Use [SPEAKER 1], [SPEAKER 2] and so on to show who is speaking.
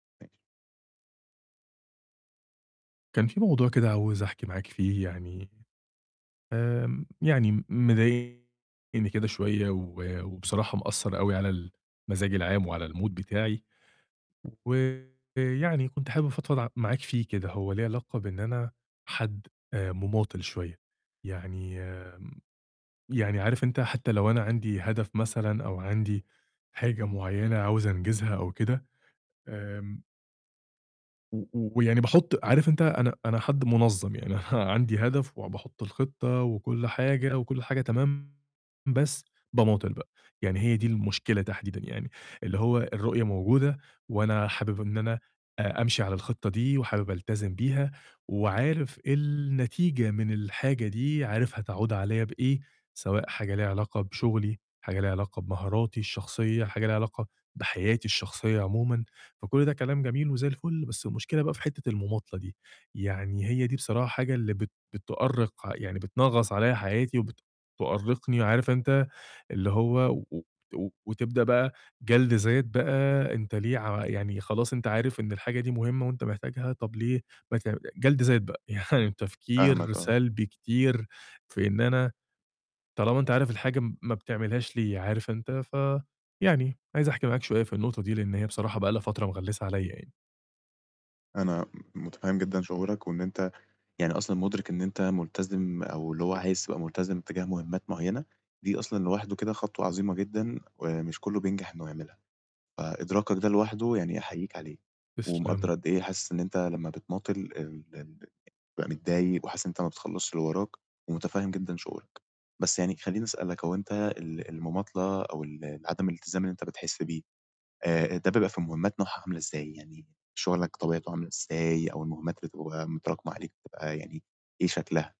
[SPEAKER 1] ماشي.
[SPEAKER 2] كان في موضوع كده عاوز أحكي معاك فيه يعني، آمم، يعني م مضايقني كده شوية و وبصراحة مأثّر أوي على المزاج العام وعلى الMood بتاعي ويعني كنت حابب أفضفض ع معاك فيه كده، هو ليه علاقة بإن أنا حد آآ، مماطّل شوية، يعني آمم، يعني عارف أنت حتى لو أنا عندي هدف مثلًا أو عندي حاجة معيّنة عاوز أنجزها أو كده، آمم و و ويعني باحط عارف أنت أنا أنا حد منظَّم، يعني أنا عندي هدف وباحط الخطة وكل حاجة وكل حاجة تمام بس باماطّل بقى، يعني هي دي المشكلة تحديدًا يعني، اللي هو الرؤية موجودة وأنا حابب إن أنا آآ، أمشي على الخطة دي وحابب ألتزم بيها وعارف النتيجة من الحاجة دي، عارف هتعود عليَّ بإيه، سواء حاجة ليها علاقة بشغلي، حاجة ليها علاقة بمهاراتي الشخصية، حاجة ليها علاقة بحياتي الشخصية عمومًا، فكل ده كلام جميل وزي الفل، بس المشكلة بقى في حتّة المماطلة دي، يعني هي دي بصراحة حاجة اللي بت بتؤرّق، يعني بتنغّص عليَّ حياتي وبتؤرّقني، عارف أنت اللي هو و و وتبدأ بقى جَلد ذات بقى أنت ليه ع يعني خلاص، أنت عارف إن الحاجة دي مهمة وأنت محتاجها، طّب ليه ما ت جلد ذات بقى، يعني تفكير
[SPEAKER 1] فاهمك آه.
[SPEAKER 2] سلبي كتير، في إن أنا طالما أنت عارف الحاجة م ما بتعملهاش ليه، عارف أنت، ف يعني عايز أحكي معاك شوية في النقطة دي، لإن هي بصراحة بقى لها فترة مغلسة عليَّ يعني.
[SPEAKER 1] أنا م متفهّم جدًا شعورك، وإن أنت يعني أصلًا مدرِك إن أنت ملتزم أو اللي هو عايز تبقى ملتزم تجاه مهمات معيّنة، دي أصلًا لوحده كده خطوة عظيمة جدًا ومش كله بينجح إنه يعملها، فإدراكك ده لوحده يعني أحييك عليه، ومقدر
[SPEAKER 2] تسلم.
[SPEAKER 1] قدّ إيه حاسس إن أنت لمّا بتماطل ال ال- ال بتبقى متضايق وحاسس إن أنت ما بتخلصش اللي وراك ومتفهم جدًا شعورك، بس يعني خلّيني أسألك، هو أنت ال المماطلة أو ال ال عدم الالتزام اللي أنت بتحس بيه، آآ، ده بيبقى في مهمات نوعها عاملة إزاي؟ يعني شغلك طبيعته عاملة إزاي أو المهمات اللي بتبقى متراكمة عليك بتبقى يعني إيه شكلها؟